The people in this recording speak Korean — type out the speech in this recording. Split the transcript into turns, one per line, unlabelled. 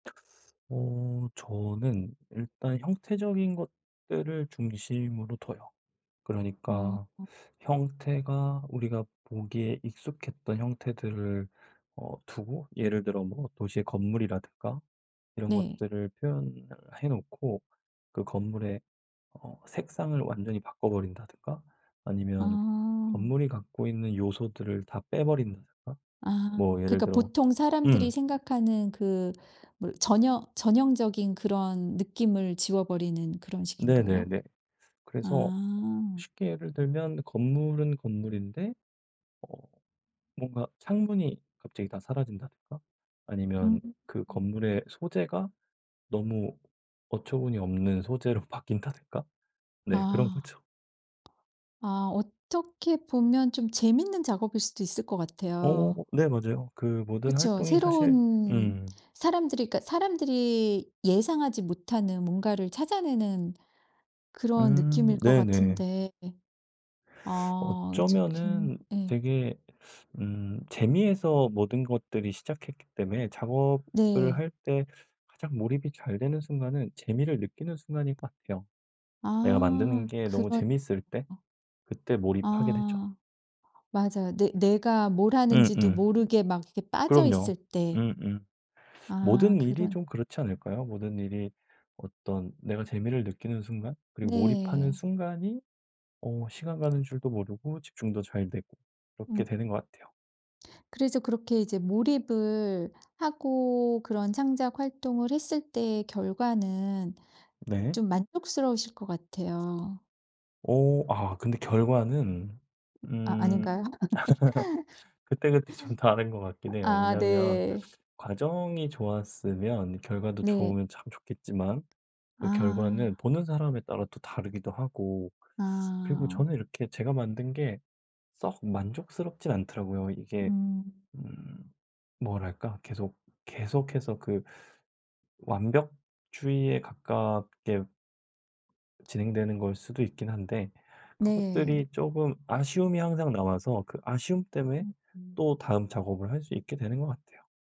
어 저는 일단 형태적인 것들을 중심으로 둬요.
어.
그러니까 형태가 우리가 보기에 익숙했던 형태들을 어 두고 예를 들어 뭐 도시의 건물이라든가 이런
네.
것들을 표현을 해 놓고 그 건물의 어 색상을 완전히 바꿔 버린다든가 아니면
아.
건물이 갖고 있는 요소들을 다 빼버린다든가
아,
뭐 예를
그러니까
들어
보통 사람들이
음.
생각하는 그 뭐 전혀 전형적인 그런 느낌을 지워버리는 그런 식인가요?
네네네. 그래서
아.
쉽게 예를 들면 건물은 건물인데 어 뭔가 창문이 갑자기 다 사라진다든가
음
아니면 그
음.
건물의 소재가 너무 어처구니없는 소재로 바뀐다든가. 네 그런
아.
거죠.
아 어떻게 보면 좀 재밌는 작업일 수도 있을 것
어
같아요.
네 맞아요. 그 모든
그쵸.
활동이 사실
새로운
음.
사람들이 그니까 사람들이 예상하지 못하는 뭔가를 찾아내는 그런
음
느낌일 것
네네.
같은데 아 즉흥
어쩌면은
예.
되게 음 재미에서 모든 것들이 시작했기 때문에 작업을
네.
할 때 가장 몰입이 잘 되는 순간은 재미를 느끼는 순간인 것 같아요. 내가 만드는
아
게 너무
그런
재밌을 때 그때 몰입하게 되죠.
아 맞아요. 내 내가 뭘 하는지도
음음.
모르게 막 이렇게
그럼요.
빠져있을 때
음음
아
모든 일이
그러네.
좀 그렇지 않을까요? 모든 일이 어떤 내가 재미를 느끼는 순간, 그리고 몰입하는
네.
순간이 어 시간 가는 줄도 모르고 집중도 잘 되고 이렇게
음.
되는 것 같아요.
그래서 그렇게 이제 몰입을 하고 그런 창작 활동을 했을 때 결과는
네.
좀 만족스러우실 것 같아요.
어 아 근데 결과는
아
음
아닌가요?
그때그때 좀 다른 것 같긴 해요.
아
왜냐하면
네.
과정이 좋았으면 결과도
네.
좋으면 참 좋겠지만 그 결과는
아.
보는 사람에 따라 또 다르기도 하고 그리고
아.
저는 이렇게 제가 만든 게 썩 만족스럽진 않더라고요. 이게
음.
음 뭐랄까 계속 계속해서 그 완벽주의에 가깝게 진행되는 거일 수도 있긴 한데
네.
그것들이 쪼금 아쉬움이 항상 남아서 그 아쉬움 때문에
음 음.
또 다음 작업을 할 수 있게 되는 것 같아요.